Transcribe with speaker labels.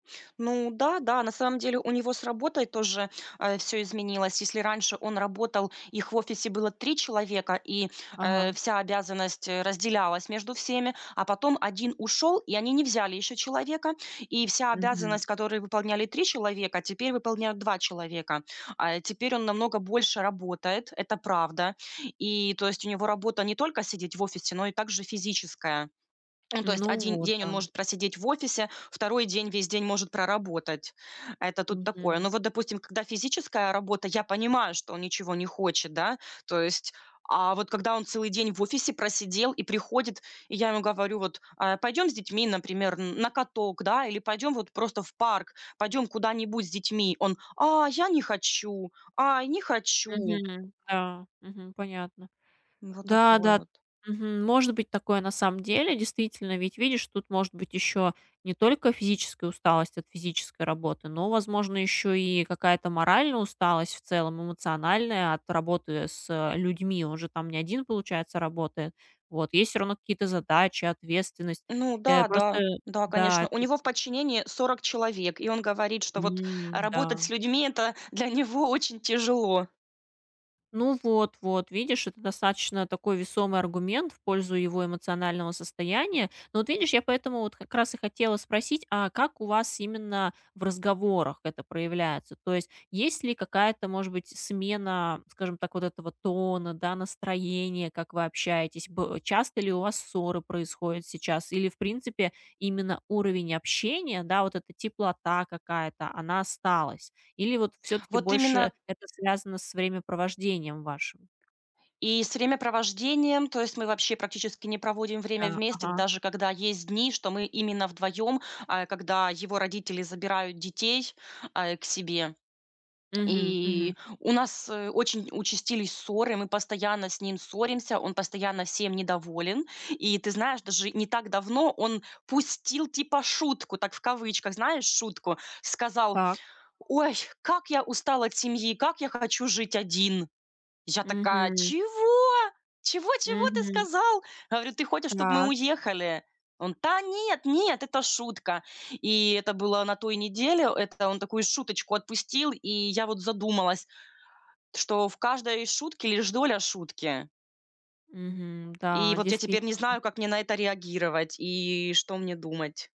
Speaker 1: Ну да, да. На самом деле у него с работой тоже, э, всё изменилось. Если раньше он работал, их в офисе было 3 человека, и, э,
Speaker 2: Ага.
Speaker 1: вся обязанность, э, разделялась между всеми. А потом 1 ушел, и они не взяли еще человека. И вся
Speaker 2: Мгм.
Speaker 1: обязанность, которую выполняли 3 человека, теперь выполняют 2 человека. А, э, теперь он намного больше работает. Это правда. И то есть у него работа не только сидеть в офисе, но и также физическая. Ну, то есть
Speaker 2: Ну
Speaker 1: 1
Speaker 2: вот,
Speaker 1: день он
Speaker 2: да.
Speaker 1: может просидеть в офисе, 2 день весь день может проработать. Это тут такое.
Speaker 2: Мгм.
Speaker 1: Ну, вот, допустим, когда физическая работа, я понимаю, что он ничего не хочет, да? То есть, а вот когда он целый день в офисе просидел и приходит, и я ему говорю: "Вот, а пойдем с детьми, например, н на каток, да? Или пойдем вот просто в парк, пойдем куда-нибудь с детьми". Он: "А я не хочу, ай, не хочу".
Speaker 2: Мгм, да. Мгм, понятно.
Speaker 1: Ну. Вот
Speaker 2: Да
Speaker 1: такое
Speaker 2: да.
Speaker 1: вот.
Speaker 2: Мгм. Может быть такое на самом деле, действительно. Ведь видишь, тут может быть еще не только физическая усталость от физической работы, но, возможно, еще и какая-то моральная усталость в целом, эмоциональная от работы с, э, людьми. Он же там не один, получается, работает. Вот, есть всё равно какие-то задачи, ответственность.
Speaker 1: Ну
Speaker 2: Э.
Speaker 1: да,
Speaker 2: Просто
Speaker 1: да да, конечно.
Speaker 2: да.
Speaker 1: У него в подчинении 40 человек, и он говорит, что, вот,
Speaker 2: М,
Speaker 1: работать с
Speaker 2: да.
Speaker 1: людьми- это для него очень тяжело.
Speaker 2: Ну, вот, вот видишь, это достаточно такой весомый аргумент в пользу его эмоционального состояния. Ну. Вот видишь, я поэтому вот как раз и хотела спросить: "А как у вас именно в разговорах это проявляется?" То есть есть ли какая-то, может быть, смена, скажем так, вот этого тона, да, настроения, как вы общаетесь? Б часто ли у вас ссоры происходят сейчас или, в принципе, именно уровень общения, да, вот эта теплота какая-то, она осталась? Или вот всё-таки
Speaker 1: Вот
Speaker 2: больше
Speaker 1: именно
Speaker 2: это связано с времяпровождением вашим.
Speaker 1: И с времяпровождением, то есть мы вообще практически не проводим время
Speaker 2: Да.
Speaker 1: вместе,
Speaker 2: Ага.
Speaker 1: даже когда есть дни, что мы именно вдвоем, э, когда его родители забирают детей, э, к себе.
Speaker 2: Мгм мгм.
Speaker 1: И у нас очень участились ссоры, мы постоянно с ним ссоримся, он постоянно всем недоволен. И ты знаешь, даже не так давно он пустил типа шутку, так в кавычках, знаешь, шутку. Сказал:
Speaker 2: Так.
Speaker 1: "Ой, как я устал от семьи, как я хочу жить один". Я такая:
Speaker 2: Мгм.
Speaker 1: "Чего? Чего чего ты
Speaker 2: Мгм.
Speaker 1: сказал?" Говорю: "Ты хочешь, чтоб мы
Speaker 2: Так.
Speaker 1: уехали?" Он: "Та нет, нет, это шутка". И это было на той неделе. Это он такую шуточку отпустил. И я вот задумалась, что в каждой шутке лишь доля шутки.
Speaker 2: Мгм.
Speaker 1: И
Speaker 2: Да,
Speaker 1: вот я теперь не
Speaker 2: действительно.
Speaker 1: знаю, как мне на это реагировать, и что мне думать.